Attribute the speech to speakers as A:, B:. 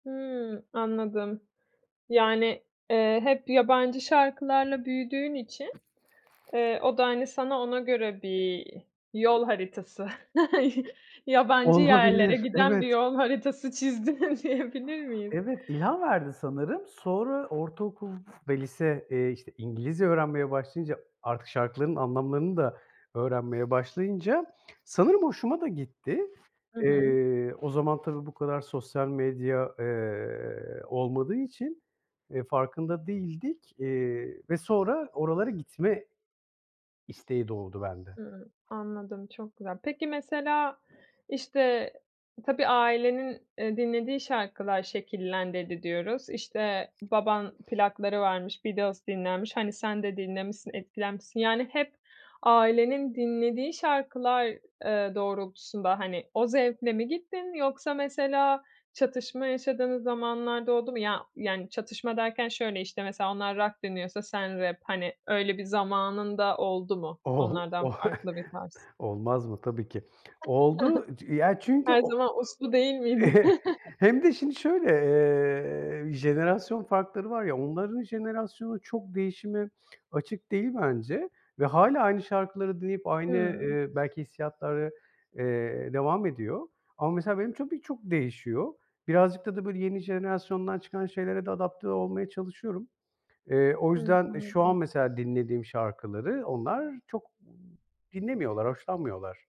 A: Hımm, anladım. Yani, eee, hep yabancı şarkılarla büyüdüğün için, eee, o da, hani, sana ona göre bir yol haritası, yabancı yerlere
B: Olabilir,
A: giden bir
B: evet.
A: yol haritası çizdin diyebilir miyim?
B: Evet, ilham verdi sanırım. Sonra ortaokul ve lise, eee, işte, İngilizce öğrenmeye başlayınca artık şarkıların anlamlarını da öğrenmeye başlayınca sanırım hoşuma da gitti.
A: Hı hı.
B: Eee, o zaman tabii bu kadar sosyal medya, eee, olmadığı için, eee, farkında değildik. Eee, ve sonra oralara gitme isteği doğdu bende.
A: Hımm, anladım. Çok güzel. Peki, mesela, işte, tabii ailenin, eee, dinlediği şarkılar şekillendirdi diyoruz. İşte, baban plakları varmış, Beatles dinlenmiş. Hani, sen de dinlemişsin, etkilenmişsin. Yani, hep ailenin dinlediği şarkılar, eee, doğrultusunda, hani, o zevkle mi gittin, yoksa, mesela, çatışma yaşadığın zamanlar da oldu mu? Ya, yani, çatışma derken şöyle; işte, mesela onlar rock dinliyorsa sen rap, hani, öyle bir zamanın da oldu mu?
B: Ooo,
A: Onlardan
B: oh,
A: farklı bir tarz.
B: olmaz mı? Tabii ki. Oldu, ya, çünkü
A: Her zaman
B: [unintelligible]
A: uslu değil miydi?
B: hem de şimdi şöyle. Eee, jenerasyon farkları var ya, onların jenerasyonu çok değişime açık değil bence ve hâlâ aynı şarkıları dinleyip aynı,
A: Hımm.
B: eee, belki hissiyatları, eee, devam ediyor ama, mesela, benim tabii çok değişiyor. Birazcık da da, böyle, yeni jenerasyondan çıkan şeylere de adapte olmaya çalışıyorum. Eee, o
A: Hımm,
B: yüzden, e, şu
A: anladım.
B: an mesela dinlediğim şarkıları onlar çok m dinlemiyorlar, hoşlanmıyorlar.